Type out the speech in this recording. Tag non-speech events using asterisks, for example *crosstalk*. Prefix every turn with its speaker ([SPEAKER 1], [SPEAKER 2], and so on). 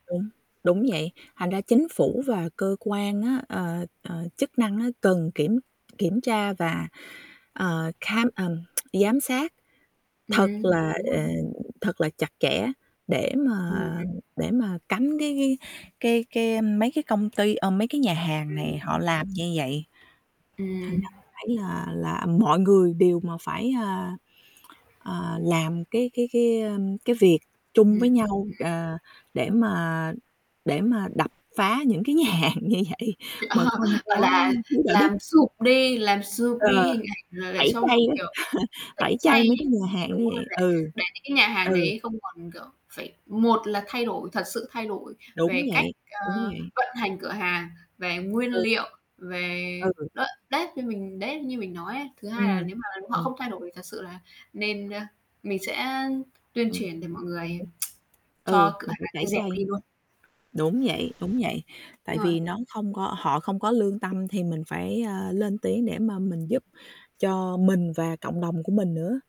[SPEAKER 1] Đúng, đúng vậy. Thành ra chính phủ và cơ quan á, ờ, ờ, chức năng á, cần kiểm kiểm tra và, ờ, kham ờm, *tsk* giám sát thật
[SPEAKER 2] Ừm,
[SPEAKER 1] là,
[SPEAKER 2] đúng rồi.
[SPEAKER 1] ờ, thật là chặt chẽ để mà
[SPEAKER 2] Ừm.
[SPEAKER 1] để mà cấm cái cái cái cái mấy cái công ty ờ, mấy cái nhà hàng
[SPEAKER 2] Ừm
[SPEAKER 1] này họ
[SPEAKER 2] hưm.
[SPEAKER 1] làm như vậy. Thành
[SPEAKER 2] Ừm.
[SPEAKER 1] ra mình thấy là là mọi người đều mà phải, a, à, làm cái cái cái, ờm, cái việc chung
[SPEAKER 2] Ừm,
[SPEAKER 1] với
[SPEAKER 2] ừm.
[SPEAKER 1] nhau, ờ, để mà để mà đập phá những cái nhà hàng như vậy
[SPEAKER 2] Thì, ờ,
[SPEAKER 1] mà không
[SPEAKER 2] gọi
[SPEAKER 1] có
[SPEAKER 2] là,
[SPEAKER 1] thiếu đạo đức.
[SPEAKER 2] làm sụp đi làm sụp đi
[SPEAKER 1] Ờ,
[SPEAKER 2] hình ảnh là để
[SPEAKER 1] tẩy
[SPEAKER 2] cho
[SPEAKER 1] chay
[SPEAKER 2] mà,
[SPEAKER 1] á, *chuckles*
[SPEAKER 2] kiểu, tẩy
[SPEAKER 1] tẩy chay
[SPEAKER 2] chay
[SPEAKER 1] mấy cái nhà
[SPEAKER 2] *unintelligible*
[SPEAKER 1] hàng
[SPEAKER 2] đúng
[SPEAKER 1] như
[SPEAKER 2] rồi
[SPEAKER 1] vậy.
[SPEAKER 2] này,
[SPEAKER 1] Ừ,
[SPEAKER 2] để những cái nhà hàng
[SPEAKER 1] ừ.
[SPEAKER 2] đấy không còn kiểu, phải một là thay đổi, thật sự thay đổi
[SPEAKER 1] Đúng
[SPEAKER 2] về cách,
[SPEAKER 1] vậy, đúng
[SPEAKER 2] ơ,
[SPEAKER 1] vậy.
[SPEAKER 2] vận hành cửa hàng, về nguyên
[SPEAKER 1] Ừ.
[SPEAKER 2] liệu, về
[SPEAKER 1] Ừ, ừ.
[SPEAKER 2] đ đấy, như mình đấy, như mình nói ấy. Thứ hai là
[SPEAKER 1] Ừm,
[SPEAKER 2] nếu mà họ
[SPEAKER 1] ừm.
[SPEAKER 2] không thay đổi thật sự là nên ơ, mình sẽ tuyên
[SPEAKER 1] Ừm,
[SPEAKER 2] truyền để mọi
[SPEAKER 1] mình
[SPEAKER 2] người
[SPEAKER 1] phải
[SPEAKER 2] *tsk*
[SPEAKER 1] ừ,
[SPEAKER 2] cho cửa
[SPEAKER 1] mình phải
[SPEAKER 2] hàng
[SPEAKER 1] tẩy
[SPEAKER 2] ấy dẹp
[SPEAKER 1] chay.
[SPEAKER 2] đi luôn.
[SPEAKER 1] Đúng vậy, đúng vậy.
[SPEAKER 2] Đúng
[SPEAKER 1] Tại
[SPEAKER 2] rồi.
[SPEAKER 1] vì nó không có họ không có lương tâm thì mình phải, ơ, lên tiếng để mà mình giúp cho mình và cộng đồng của mình nữa.